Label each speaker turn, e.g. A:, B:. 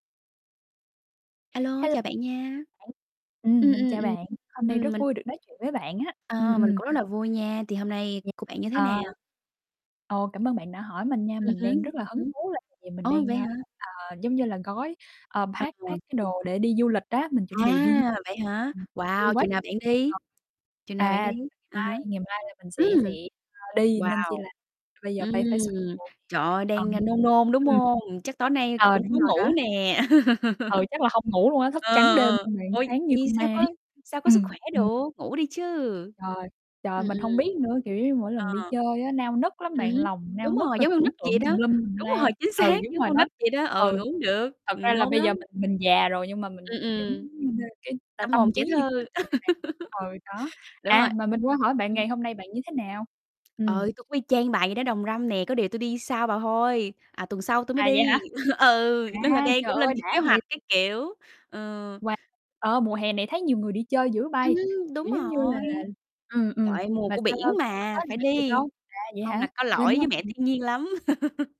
A: A lô,
B: Hello,
A: chào bạn nha.
B: [unintelligible] ừm,
A: Ừm,
B: mình
A: ừm,
B: chào
A: ừm.
B: bạn. Hôm nay
A: Ừm,
B: rất
A: mình
B: vui được nói chuyện với bạn á. Ừm,
A: Ờ, mình
B: ừm.
A: cũng rất là vui nha, thì hôm nay
B: Ừm,
A: của bạn như thế nào?
B: à. Ồ, cảm ơn bạn đã hỏi mình nha.
A: Ừm
B: Mình
A: hứm,
B: đang rất là
A: ừm
B: hứng
A: hứm.
B: thú là tại vì mình
A: Ồ,
B: đang,
A: vậy
B: ơ,
A: hả?
B: ờ, giống như là gói ờ,
A: Ờ,
B: pack
A: rồi.
B: pack cái đồ để đi du lịch á, mình chuẩn bị đi du
A: À,
B: lịch.
A: vậy hả?
B: Ừm, vui
A: Wow,
B: quá quá
A: chừng nào
B: trời
A: bạn
B: vui
A: đi?
B: còn
A: Chừng nào bạn
B: À,
A: đi?
B: ngày
A: À há.
B: mai, ngày mai là mình sẽ sẽ,
A: Ừm.
B: ơ, đi,
A: Wow,
B: nên chi là bây giờ
A: ừm,
B: phải phải soạn đồ.
A: trời ơi,
B: Ờ.
A: đang, a, nôn nôn, đúng
B: Ừm.
A: hông? Chắc tối nay coi
B: Ờ,
A: cũng khó
B: đúng rồi đó.
A: ngủ nè.
B: Ừ, chắc là hông ngủ luôn á. Thức
A: Ờ,
B: trắng đêm
A: ờ,
B: luôn rồi
A: ôi,
B: sáng như
A: vậy
B: con ma
A: sao
B: ấy.
A: có sao có sức
B: Ừm,
A: khỏe
B: ừm.
A: được, ngủ đi chứ!
B: Trời, trời,
A: Ừm,
B: mình
A: ừm.
B: hông biết nữa. Kiểu giống như mỗi
A: Ờ.
B: lần đi chơi á, nao nức lắm
A: Ừm
B: bạn,
A: hứm,
B: lòng nao
A: đúng
B: nức
A: rồi,
B: rồi
A: giống con
B: tưởng
A: nít vậy
B: tượng tùm
A: đó.
B: lum tùm
A: Đúng
B: la.
A: rồi, chính
B: Ừ,
A: xác,
B: đúng
A: giống
B: rồi
A: con nít
B: đó.
A: vậy đó. Ừ,
B: Ừ,
A: ngủ hông được,
B: thật
A: ừm,
B: ra là
A: nôn
B: bây
A: lắm.
B: giờ mình mình già rồi, nhưng mà mình
A: Ừm,
B: mình vẫn,
A: ừm.
B: ơ, cái
A: Tâm
B: t
A: hồn
B: tâm
A: trẻ
B: trí như
A: thơ.
B: con nít vậy đó bạn. Ừ, đó.
A: Đúng rồi.
B: À, mà mình quên hỏi bạn
A: Ừm.
B: ngày hôm nay bạn như thế nào?
A: Ờ,
B: Ừm.
A: tui cũng y chang bà vậy đó, đồng râm nè. Có điều tui đi sau bà thôi, à, tuần sau tui mới
B: À,
A: đi.
B: vậy hả?
A: Ừ, nên là
B: À,
A: đang
B: trời
A: cũng
B: ơi
A: lên kế
B: đã
A: hoạch
B: vậy!
A: các kiểu, ờ.
B: Wow, ờ ,mùa hè này thấy nhiều người đi chơi dữ bây.
A: Ừm hứm,
B: Kiểu
A: đúng
B: giống như là
A: rồi.
B: ừm,
A: Trời
B: ừm,
A: ơi, mùa
B: mà
A: của
B: sao ta,
A: biển
B: sắp tới
A: mà,
B: là
A: phải
B: bạn đi
A: đi,
B: đâu? À, vậy
A: hông là
B: hả?
A: có
B: Gần
A: lỗi
B: nhau,
A: với mẹ
B: ừm.
A: thiên nhiên lắm.